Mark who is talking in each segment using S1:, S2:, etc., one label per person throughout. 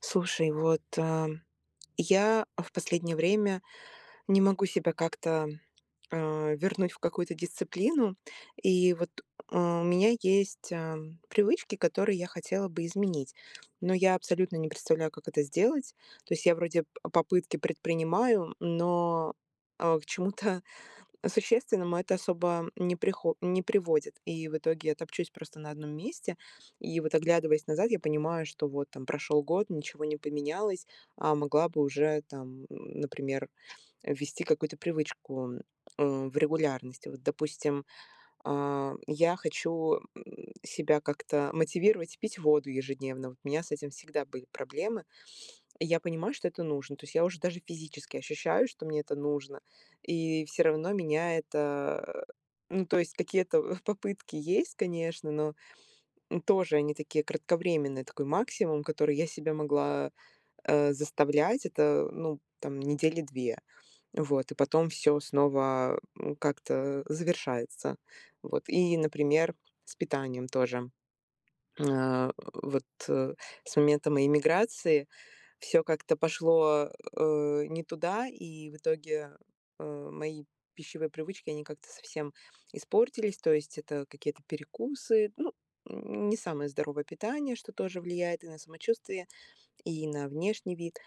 S1: Слушай, вот, а, я в последнее время не могу себя как-то а, вернуть в какую-то дисциплину, и вот, а, у меня есть, а, привычки, которые я хотела бы изменить, но я абсолютно не представляю, как это сделать. То есть я вроде п попытки предпринимаю, но, а, к чему-то существенному это особо не прихо не приводит. И в итоге я топчусь просто на 1 месте. И вот оглядываясь назад, я понимаю, что вот там прошел год, ничего не поменялось, а могла бы уже там, м, например, ввести какую-то привычку а, в регулярности. Вот, допустим, а, я хочу, м, себя как-то мотивировать пить воду ежедневно. Вот у меня с этим всегда были проблемы. Я понимаю, что это нужно. То есть я уже даже физически ощущаю, что мне это нужно. И всё равно меня это, а, ну, то есть какие-то попытки есть, конечно, но, м, тоже они такие кратковременные, такой максимум, который я себя могла, э, заставлять, это, ну там, недели 2. Вот. И потом всё снова, м, как-то завершается. Вот. И, например, с питанием тоже. А, вот, э, с момента моей миграции, всё как-то пошло, э, не туда, и в итоге, э, мои пищевые привычки, они как-то совсем испортились. То есть это какие-то перекусы, ну, м, не самое здоровое питание, что тоже влияет и на самочувствие, и на внешний вид.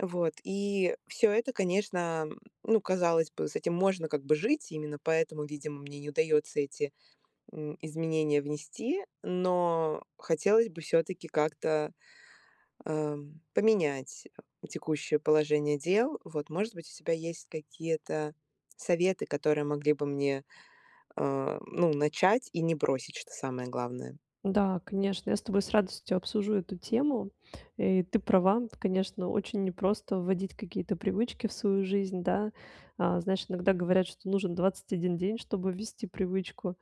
S1: Вот. И всё это, конечно, м, ну, казалось бы, с этим можно как бы жить, именно поэтому видимо мне не удается эти, м, изменения внести, но хотелось бы всё-таки как-то, а, поменять текущее положение дел, вот, может быть, у тебя есть какие-то советы, которые могли бы мне, а, ну, начать и не бросить, что самое главное.
S2: Да, конечно, я с тобой с радостью обсужу эту тему. Э, и ты права. Конечно, очень непросто вводить какие-то привычки в свою жизнь, да. А, знаешь, иногда говорят, что нужен 21 день, чтобы ввести привычку.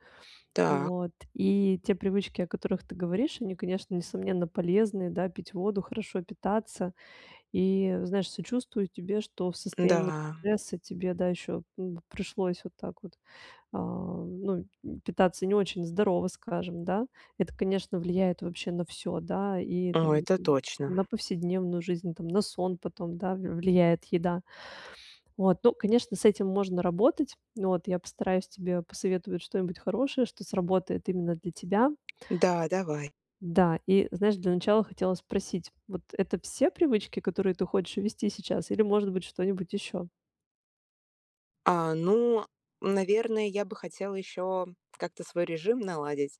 S1: Та
S2: Вот. И те привычки, о которых ты говоришь, они, конечно, несомненно, полезные, да, пить воду, хорошо питаться и, знаешь, сочувствую тебе, что в состоянии
S1: М-да.
S2: стресса тебе, да, еще, м, пришлось вот так вот, а, ну, м, питаться не очень здорово, скажем, да. Это, конечно, влияет вообще на всё, да, и
S1: О,
S2: там,
S1: это
S2: м,
S1: точно.
S2: на повседневную жизнь там, на сон потом, да, в влияет еда. Вот. Ну, конечно, с этим можно работать, вот. Я постараюсь тебе посоветовать что-нибудь хорошее, что сработает именно для тебя.
S1: Да, давай.
S2: Да, и, знаешь, для начала хотела спросить, вот это все привычки, которые ты хочешь ввести сейчас или может быть что-нибудь еще?
S1: А, ну, наверно, я бы хотела еще, как-то свой режим наладить,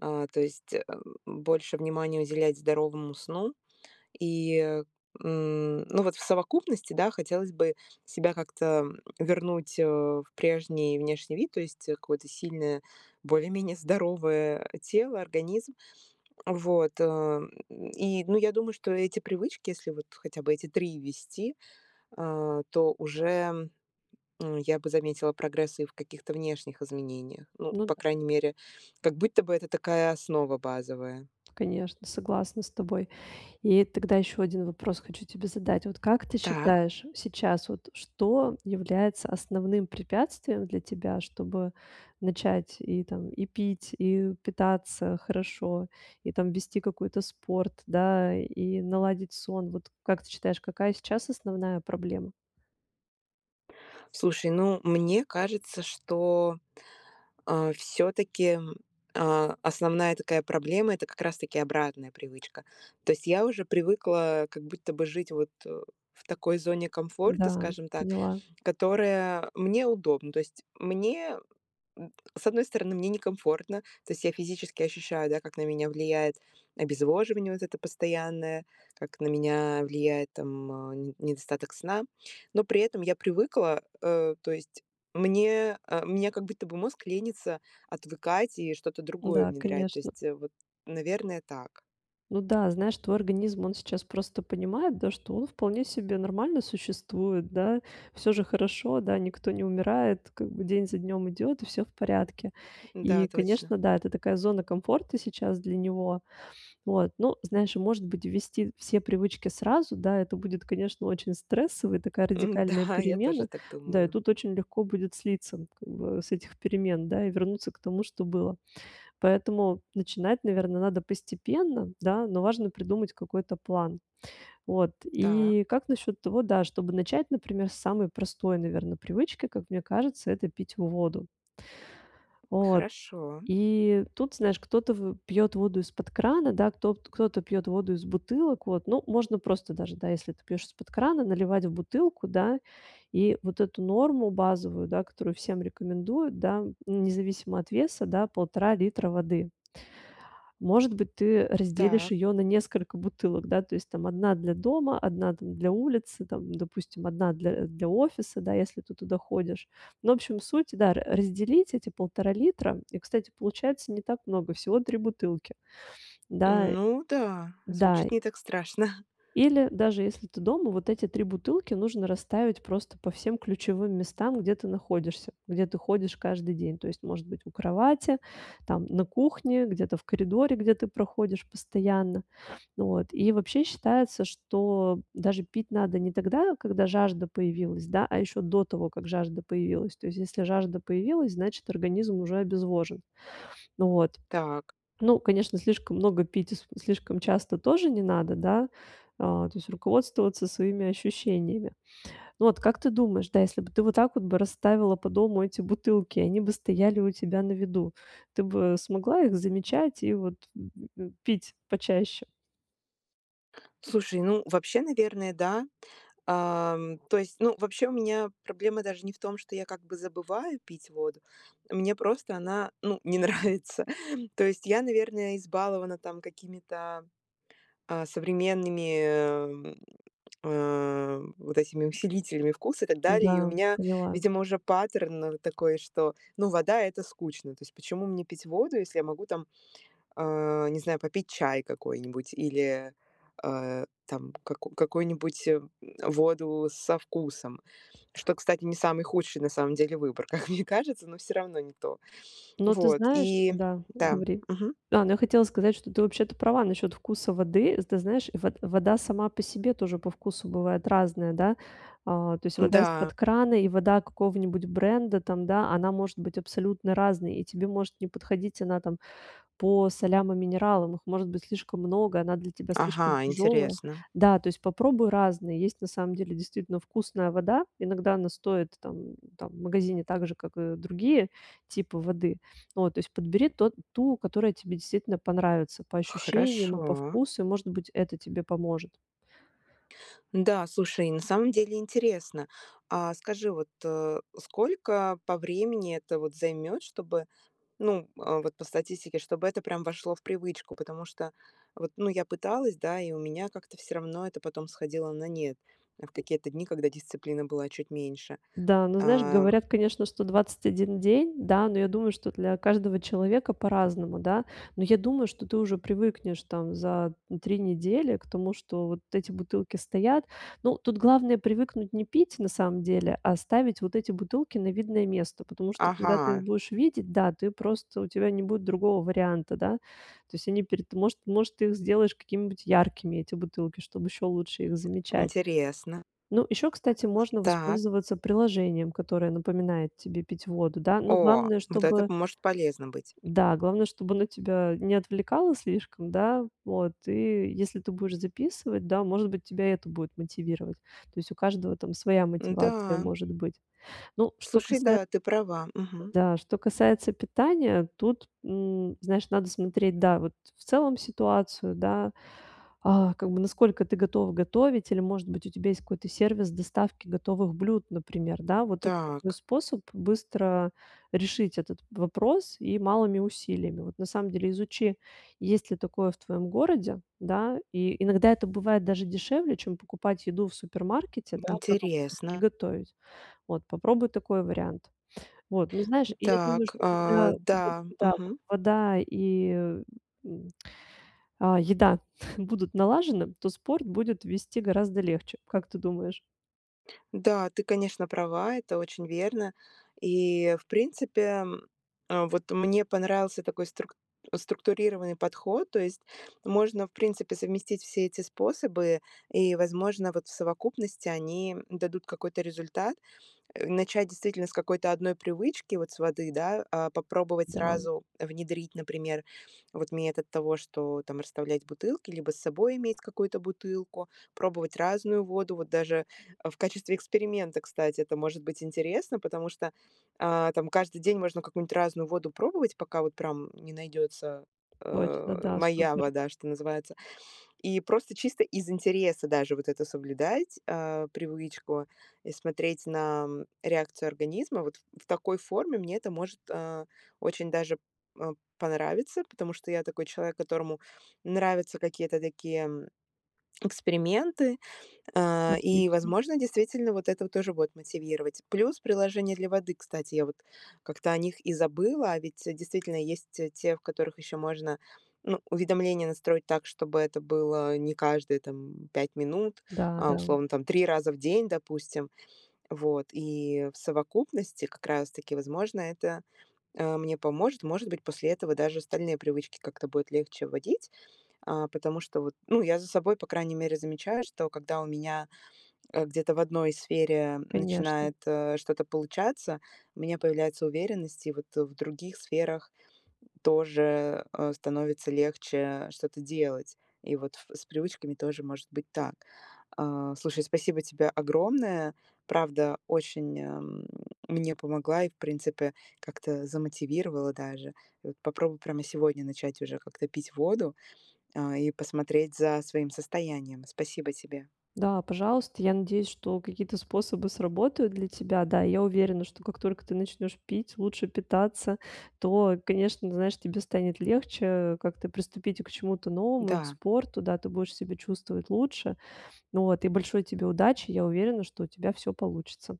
S1: а, то есть, больше внимания уделять здоровому сну. И, э, м, ну, вот в совокупности, да, хотелось бы себя как-то, м, вернуть, э, в прежний внешний вид, то есть, э, какое-то сильное, более-менее здоровое тело, организм. Вот. И, ну, я думаю, что эти привычки, если вот хотя бы эти 3 ввести, а, то уже, м, я бы заметила прогресс и в каких-то внешних изменениях. Ну,
S2: Ну д
S1: по крайней мере, как будто бы это такая основа базовая.
S2: Конечно, согласна с тобой. И тогда еще 1 вопрос хочу тебе задать. Вот как ты
S1: Так.
S2: считаешь, сейчас вот что является основным препятствием для тебя, чтобы начать и, там, и пить, и питаться хорошо, и там ввести какой-то спорт, да, и наладить сон? Вот как ты считаешь, какая сейчас основная проблема?
S1: Слушай, ну, мне кажется, что, а, всё-таки, м, а, основная такая проблема- это как раз-таки обратная привычка. То есть я уже привыкла как будто бы жить, вот, э, в такой зоне комфорта,
S2: Да,
S1: скажем так,
S2: поняла.
S1: которая мне удобна. То есть мне, н с одной стороны, мне некомфортно, то есть я физически ощущаю, да, как на меня влияет обезвоживание вот это постоянное, как на меня влияет там, а, не недостаток сна. Но при этом я привыкла, э, то есть мне а, у меня как будто бы мозг лениться отвыкать и что-то другое
S2: Да,
S1: внедрять. То
S2: конечно.
S1: есть, э, вот, наверное, так.
S2: Ну да, знаешь, твой организм, он сейчас просто понимает, да, что он вполне себе нормально существует, да. Всё же хорошо, да, никто не умирает, как бы день за днем идет и всё в порядке.
S1: Н-да,
S2: И,
S1: точно.
S2: конечно, да, это такая зона комфорта сейчас для него. Вот, ну, знаешь, и, может быть, ввести все привычки сразу? Да, это будет, конечно, очень стрессово, и такая радикальная
S1: Н-да, я тоже
S2: перемена.
S1: так
S2: Да, и
S1: думаю.
S2: тут очень легко будет слиться, ну, как бы, с этих перемен, да, и вернуться к тому, что было. Поэтому начинать, наверно, надо постепенно, да, но важно придумать какой-то план. Вот,
S1: Та.
S2: и как насчет того, да, чтобы начать, например, с самой простой, наверно, привычки, как мне кажется- это пить воду? Вот.
S1: Хорошо.
S2: И тут, знаешь, кто-то вы пьет воду из под крана, да, кто пт кто-то пьет воду из бутылок. Вот, ну можно просто даже, да, если ты пьешь из под крана, наливать в бутылку, да? И вот эту норму базовую, да, которую всем рекомендуют, да, независимо от веса, да- 1,5 литра воды. Может быть, ты разделишь
S1: Так.
S2: ее на несколько бутылок, да, то есть там 1 для дома, 1, там, для улицы, там, допустим, 1 для для офиса, да, если ты туда ходишь. Ну общем, суть, да, р разделить эти 1,5 литра. И, кстати, получается не так много- всего 3 бутылки. Да
S1: Ну да,
S2: да
S1: звучит не так страшно.
S2: Или даже если ты дома, вот эти 3 бутылки нужно расставить просто по всем ключевым местам, где ты находишься, где ты ходишь каждый день. То есть, может быть, у кровати, там, на кухне, где-то в коридоре, где ты проходишь постоянно. Вот, и вообще, считается, что даже пить надо не тогда, когда жажда появилась, да, а еще до того, как жажда появилась. То есть если жажда появилась, значит, организм уже обезвожен. Вот.
S1: Так.
S2: Ну, конечно, слишком много пить, и с слишком часто тоже не надо, да, а, то есть руководствоваться своими ощущениями. Ну вот как ты думаешь, да, если бы ты вот так вот бы расставила по дому эти бутылки, они бы стояли у тебя на виду, ты бы смогла их замечать и вот, э э э, пить почаще?
S1: Слушай, ну, вообще, наверное, да, а. То есть, ну, вообще, у меня проблема даже не в том, что я, как бы, забываю пить воду. Мне просто она, ну, не нравится. То есть я, наверное, избалована там какими-то, а, современными, а, вот этими усилителями вкуса и так далее. И у
S2: Да,
S1: меня,
S2: поняла.
S1: видимо, уже паттерн, ну, вот такой, что, ну, вода- это скучно. То есть почему мне пить воду, если я могу там, а, не знаю, попить чай какой-нибудь или, а, там каку какой-нибудь воду со вкусом. Что, кстати, не самый худший, на самом деле, выбор, как мне кажется, но всё равно не то.
S2: Ну, ты
S1: Вот,
S2: знаешь
S1: и
S2: Да,
S1: Да,
S2: говори.
S1: мгм.
S2: Ну, я хотела сказать, что ты, вообще-то, права насчет вкуса воды. Ты знаешь, вод вода сама по себе тоже по вкусу бывает разная, да. А, то есть вода
S1: Да.
S2: из-под крана и вода какого-нибудь бренда там, да, она может быть абсолютно разной, и тебе может не подходить она там по солям и минералам. Их может быть слишком много, она для тебя слишком
S1: Ага,
S2: тяжёлая.
S1: интересно.
S2: Да, то есть попробуй разные. Есть на самом деле действительно вкусная вода. Иногда она стоит там там в магазине так же, как и другие типы воды. Вот, то есть подбери тот ту, которая тебе действительно понравится по ощущениям и по
S1: Хорошо.
S2: вкусу. И, может быть, это тебе поможет.
S1: Да, слушай, на самом деле интересно. А скажи, вот, а, сколько по времени это вот займет, чтобы, ну, э, вот по статистике, чтобы это прям вошло в привычку? Потому что вот, ну, я пыталась, да, и у меня как-то всё равно это потом сходило на нет в какие-то дни, когда дисциплины была чуть меньше,
S2: Да, но знаешь,
S1: ам.
S2: говорят, конечно, что 21 день. Да, но я думаю, что для каждого человека по-разному, да. Но я думаю, что ты уже привыкнешь там за 3 недели к тому, что вот эти бутылки стоят. Ну, тут главное привыкнуть не пить на самом деле, а ставить вот эти бутылки на видное место, потому что когда ты их
S1: Ага.
S2: будешь видеть, да, ты просто у тебя не будет другого варианта, да. То есть они перед может может, ты их сделаешь какими-нибудь яркими, эти бутылки, чтобы еще лучше их замечать.
S1: Интересно.
S2: Ну еще, кстати, можно
S1: Так.
S2: воспользоваться приложением, которое напоминает тебе пить воду, да. Но
S1: О,
S2: главное,
S1: вот это
S2: чтобы
S1: по может полезно быть.
S2: да, главное, чтобы оно тебя не отвлекало слишком, да, вот. И если ты будешь записывать, да, может быть, тебя это будет мотивировать. То есть у каждого там своя мотивация
S1: Да.
S2: может быть. Ну, что
S1: Слушай,
S2: касается
S1: да, ты права, мгм.
S2: да, что касается питания, тут, м, знаешь, надо смотреть, да, вот в целом ситуацию, да, а, как бы насколько ты готов готовить или, может быть, у тебя какой-то сервис доставки готовых блюд, например, да, вот. Это такой
S1: Так.
S2: способ быстро решить этот вопрос и малыми усилиями, вот. На самом деле изучи, есть ли такое в твоем городе, да. И иногда это бывает даже дешевле, чем покупать еду в супермаркете, да, продукты, и
S1: Интересно.
S2: готовить. Вот попробуй такой вариант. Вот, ну, знаешь, и я думаю,
S1: Так,
S2: что
S1: а,
S2: когда вот,
S1: да,
S2: да, вот
S1: мгм.
S2: вода и, м, а еда будут налажены, то спорт будет вести гораздо легче, как ты думаешь?
S1: Да, ты, конечно, права. Это очень верно. И в принципе, вот мне понравился такой струк структурированный подход. То есть можно, в принципе, совместить все эти способы и, возможно, вот в совокупности они дадут какой-то результат. Э, начать действительно с какой-то 1 привычки, вот с воды, да, а, попробовать
S2: Да.
S1: сразу внедрить, например, вот метод того, что там расставлять бутылки, либо с собой иметь какую-то бутылку, пробовать разную воду. Вот даже в качестве эксперимента, кстати, это может быть интересно, потому что, а, там каждый день можно какую-нибудь разную воду пробовать, пока вот прям не найдется,
S2: Точно,
S1: а,
S2: да,
S1: моя
S2: супер.
S1: вода, что называется. И просто чисто из интереса даже вот это соблюдать, а, привычку и смотреть на реакцию организма. Вот в такой форме мне это может, а, очень даже, а, понравиться, потому что я такой человек, которому нравятся какие-то такие эксперименты. А, и,
S2: Отлично.
S1: возможно, действительно вот это вот тоже будет мотивировать. Плюс приложения для воды, кстати, я вот как-то о них и забыла. А ведь действительно есть те те, в которых еще можно, ну, уведомления настроить так, чтобы это было не каждые там 5 минут,
S2: Да,
S1: а
S2: да.
S1: условно там 3 раза в день, допустим. Вот, и в совокупности как раз таки, возможно, это, а, мне поможет. Может быть, после этого даже остальные привычки как-то будет легче вводить. А, потому что вот, ну, я за собой, по крайней мере, замечаю, что когда у меня, а, где-то в одной сфере
S2: Конечно.
S1: начинает что-то получаться, у меня появляется уверенность, и вот в других сферах тоже, э, становится легче что-то делать. И вот ф с привычками тоже может быть так. А, слушай, спасибо тебе огромное. Правда, очень мне помогла и, в принципе, как-то замотивировала даже. И вот попробую прямо сегодня начать уже как-то пить воду, а, и посмотреть за своим состоянием. Спасибо тебе!
S2: Да, пожалуйста. Я надеюсь, что какие-то способы сработают для тебя. Да, я уверена, что как только ты начнёшь пить, лучше питаться, то, конечно, знаешь, тебе станет легче, э, как-то приступить к чему-то новому и к
S1: Да.
S2: спорту. Да, ты будешь себя чувствовать лучше. Вот и большой тебе удачи. Я уверена, что у тебя всё получится.